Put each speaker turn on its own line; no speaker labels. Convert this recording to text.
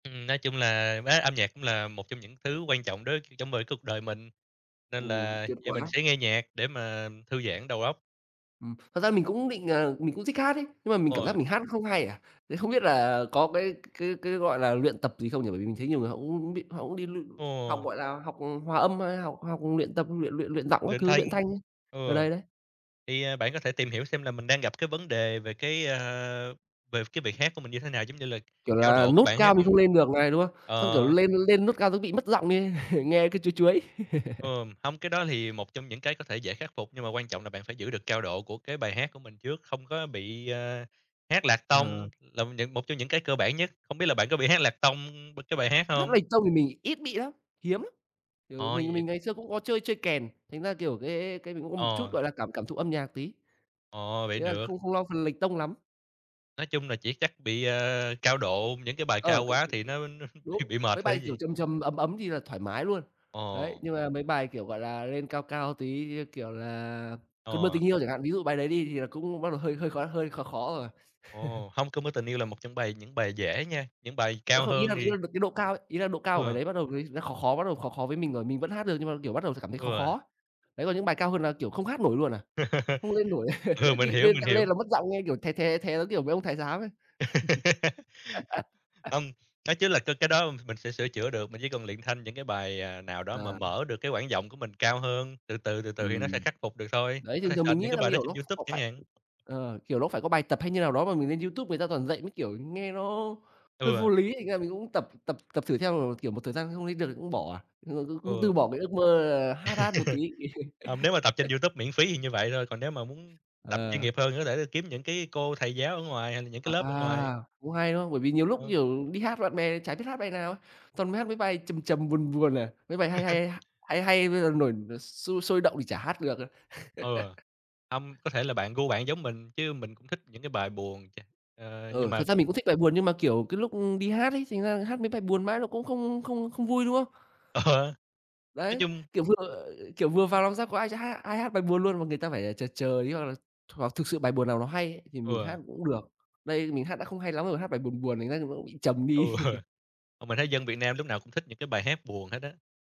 Ừm, nói chung là bá âm nhạc cũng là một trong những thứ quan trọng đối trong với cuộc đời mình, nên
Ồ,
là,
tuyệt
dạ, mình
quá.
sẽ nghe nhạc để mà thư giãn đầu óc.
Ừm, thật ra mình cũng định ờ, mình cũng thích hát ấy, nhưng mà mình
Ô,
cảm giác
à.
mình hát không hay à, thế không biết là có cái c cái cái, gọi là, luyện tập gì không nhỉ? Bởi vì mình thấy nhiều người họ [unintelligible] bị họ cũng đi l học,
Ồ.
gọi là, học, ừm, hòa âm hay học học luyện tập, luyện luyện luyện giọng các
Luyện
thứ,
thanh.
luyện thanh ấy,
Ừ,
ờ, đấy, đấy.
thì, ờ, bạn có thể tìm hiểu xem là mình đang gặp cái vấn đề về cái, a, về cái việc hát của mình như thế nào, giống như là
Kiểu
cao
là
độ của
nốt
bài hát
cao mình
hông?
không lên được này, đúng không? Xong, kiểu,
Ờ
lên lên nốt cao cái bị mất giọng đi, nghe cứ chuối chuối.
Ờm, hông, cái đó thì một trong những cái có thể dễ khắc phục, nhưng mà quan trọng là bạn phải giữ được cao độ của cái bài hát của mình trước, không có bị, ờ, hát lạc tông
Ờ.
là những một trong những cái cơ bản nhất, không biết là bạn có bị hát lạc tông b cái bài hát
Hát
hông?
lệch tông thì mình ít bị lắm, hiếm lắm, kiểu
Ờ,
mình
vậy
mình ngày xưa cũng có chơi chơi kèn, thành ra, kiểu, cái cái cái mình cũng có một chút,
Ờ.
gọi là, cảm cảm thụ âm nhạc tí.
Ồ, vậy
Ý là
được.
không không lo phần lệch tông lắm.
Nói chung là chỉ chắc bị, ờ, cao độ những cái bài
Ờ,
cao
cái
quá
cái
thì nó nó
cái
thì
đúng,
bị mệt
mấy
thôi
bài,
chứ
kiểu,
gì?
trầm trầm, ấm ấm thì là thoải mái luôn. Đấy,
Ồ.
nhưng mà mấy bài, kiểu, gọi là, lên cao cao tí như, kiểu, là "Cơn mưa
Ờ.
tình yêu" chẳng hạn, ví dụ bài đấy đi thì là cũng bắt đầu hơi hơi khó hơi khó khó rồi.
Ồ, hông, "Cơn mưa tình yêu" là một trong bài những bài dễ nha, những bài
À,
cao
không, ý
hơn
là [unintelligible]
thì
lên được cái độ cao ấy, ý là độ cao của bài
Ừ.
đấy bắt đầu người nó khó khó, bắt đầu khó khó với mình rồi, mình vẫn hát được nhưng mà, kiểu, bắt đầu t cảm thấy khó
Ừ.
khó. Đấy còn những bài cao hơn là, kiểu, không hát nổi luôn à, không lên nổi,
Ừ, mình hiểu,
lên
mình
tạ
hiểu.
lên là mất giọng nghe, kiểu, thé, thé, thé giống, kiểu, mấy ông thái giám ấy.
Hông, nói chứ là c cái đó mình sẽ sửa chữa được, mình chỉ cần luyện thanh những cái bài, ờ, nào đó mà
À.
mở được cái quãng giọng của mình cao hơn, từ từ, từ từ thì nó sẽ
Ừm,
khắc phục được thôi,
đấy,
có
thường
thể
thường mình
search
nghĩ
những
là [unintelligible]
cái
nó [unintelligible] ờ,
bài đó
kiểu
trên
nó
YouTube chẳng
phải,
hạn.
ờ, kiểu, nó phải có bài tập hay như nào đó mà mình lên YouTube người ta toàn dạy mấy kiểu nghe nó hơi vô
Ừ.
lý, thành ra mình cũng tập tập tập thử theo [unintelligible] kiểu, một thời gian không lên được thì cũng bỏ à, ờ, cũng cũng
Ừ.
từ bỏ cái ước mơ là hát hát một tí.
Hông, nếu mà tập trên YouTube miễn phí thì như vậy thôi, còn nếu mà muốn tập chuyên
Ờ.
nghiệp hơn thì có thể kiếm những cái cô thầy giáo ở ngoài hoặc là những cái
À,
lớp ở ngoài.
cũng hay, đúng không? Bởi vì nhiều lúc,
Ờ.
kiểu, đi hát bạn bè chả biết hát bài nào ấy, toàn mấy hát mấy bài trầm trầm, buồn buồn à, mấy bài hay hay h hay hay bây giờ nổi nổi sôi sôi động thì chả hát được à.
Ừ, hông, có thể là bạn gu bạn giống mình chứ mình cũng thích những cái bài buồn cha ờ, nhưng
Ừ, thật
mà
ra mình cũng thích bài buồn nhưng mà, kiểu, cái lúc, ưm, đi hát ấy, thành ra là hát mấy bài buồn mãi nó cũng không không không vui, đúng không?
Ờ. Nói
Đấy,
chung
kiểu vừa kiểu vừa vào làm sao có ai cho hát ai hát bài buồn luôn, mà người ta phải chờ chờ tí, hoặc là hoặc thực sự bài buồn nào nó hay ấy, thì mình
Ừ.
hát cũng được, đây mình hát đã không hay lắm rồi, hát bài buồn buồn thành ra nó cũng bị trầm
Ừ.
đi.
Ờ, mình thấy dân Việt Nam lúc nào cũng thích những cái bài hát buồn hết á.